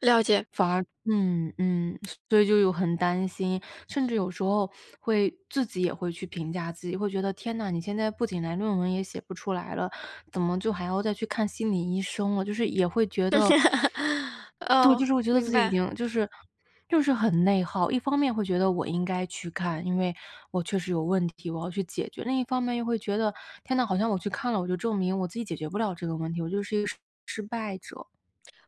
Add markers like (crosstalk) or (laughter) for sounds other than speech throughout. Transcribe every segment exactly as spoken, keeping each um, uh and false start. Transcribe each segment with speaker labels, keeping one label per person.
Speaker 1: 了解。
Speaker 2: 反而嗯，嗯，所以就有很担心，甚至有时候会自己也会去评价自己，会觉得，天呐，你现在不仅来论文也写不出来了，怎么就还要再去看心理医生了。就是也会觉得
Speaker 1: (chuckles)
Speaker 2: (sucks teeth) 对，
Speaker 1: ，哦，
Speaker 2: 就是我觉得
Speaker 1: 明
Speaker 2: 自己已
Speaker 1: 白。
Speaker 2: 经就是就是很内耗，一方面会觉得我应该去看，因为我确实有问题，我要去解决。另一方面又会觉得，天呐，好像我去看了，我就证明我自己解决不了这个问题，我就是一个失失败者。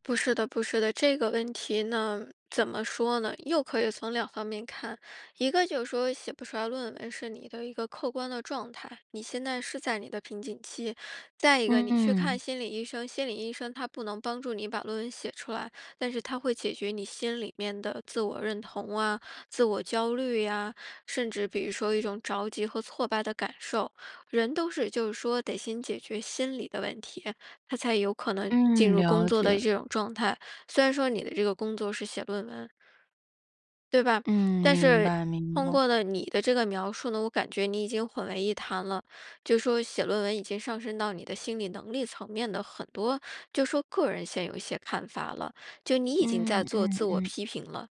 Speaker 1: 不是的不是的，这个问题呢，怎么说呢？又可以从两方面看，一个就是说写不出来论文是你的一个客观的状态，你现在是在你的瓶颈期，再一个你去看
Speaker 2: 嗯。
Speaker 1: 心理医生，心理医生他不能帮助你把论文写出来，但是他会解决你心里面的自我认同啊，自我焦虑呀，甚至比如说一种着急和挫败的感受。人都是就是说得先解决心理的问题，他才有可能进
Speaker 2: 嗯，
Speaker 1: 入工
Speaker 2: 了
Speaker 1: 作的
Speaker 2: 解。
Speaker 1: 这种状态，虽然说你的这个工作是写论文。对吧，
Speaker 2: 嗯，
Speaker 1: 但
Speaker 2: 明
Speaker 1: 是
Speaker 2: 白明
Speaker 1: 通
Speaker 2: 白。
Speaker 1: 过了你的这个描述呢，我感觉你已经混为一谈了，就是说写论文已经上升到你的心理能力层面的很多就是说个人现有一些看法了，就你已经
Speaker 2: 嗯，
Speaker 1: 在做
Speaker 2: 嗯，
Speaker 1: 自我
Speaker 2: 嗯。
Speaker 1: 批评了。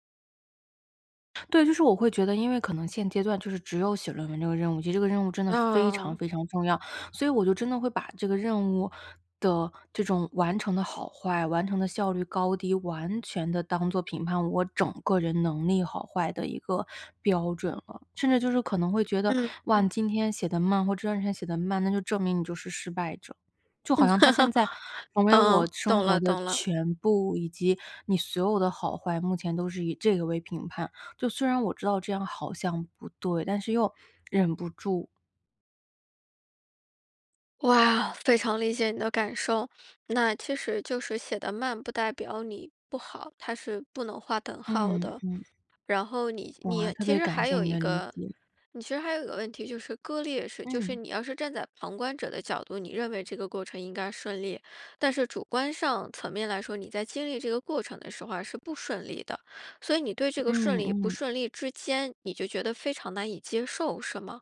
Speaker 2: 对，就是我会觉得因为可能现阶段就是只有写论文这个任务，其实这个任务真的非常
Speaker 1: 啊。
Speaker 2: 非常重要，所以我就真的会把这个任务的这种完成的好坏，完成的效率高低，完全地当做评判我整个人能力好坏的一个标准了。甚至就是可能会觉得，
Speaker 1: 嗯，
Speaker 2: 哇，
Speaker 1: 嗯。
Speaker 2: 你今天写得慢或第二天写得慢，那就证明你就是失败者。就好
Speaker 1: 嗯，
Speaker 2: 像它现在
Speaker 1: (chuckles)
Speaker 2: 成为
Speaker 1: 啊，
Speaker 2: 我生
Speaker 1: 懂
Speaker 2: 活
Speaker 1: 了，
Speaker 2: 的
Speaker 1: 懂了。
Speaker 2: 全部，以及你所有的好坏，目前都是以这个为评判，就虽然我知道这样好像不对，但是又忍不住，
Speaker 1: 哇，非常理解你的感受，那其实就是写得慢不代表你不好，它是不能画等号
Speaker 2: 嗯，
Speaker 1: 的。
Speaker 2: 嗯。
Speaker 1: 然后你
Speaker 2: 哇，
Speaker 1: 你
Speaker 2: 特
Speaker 1: 其
Speaker 2: 别
Speaker 1: 实
Speaker 2: 感
Speaker 1: 还
Speaker 2: 谢
Speaker 1: 有
Speaker 2: 你
Speaker 1: 一
Speaker 2: 的理
Speaker 1: 个
Speaker 2: 解。
Speaker 1: 你其实还有一个问题就是割裂式，就是
Speaker 2: 嗯。
Speaker 1: 你要是站在旁观者的角度，你认为这个过程应该顺利，但是主观上层面来说，你在经历这个过程的时候啊，是不顺利的，所以你对这个
Speaker 2: 嗯，
Speaker 1: 顺利与不
Speaker 2: 嗯。
Speaker 1: 顺利之间，你就觉得非常难以接受，是吗？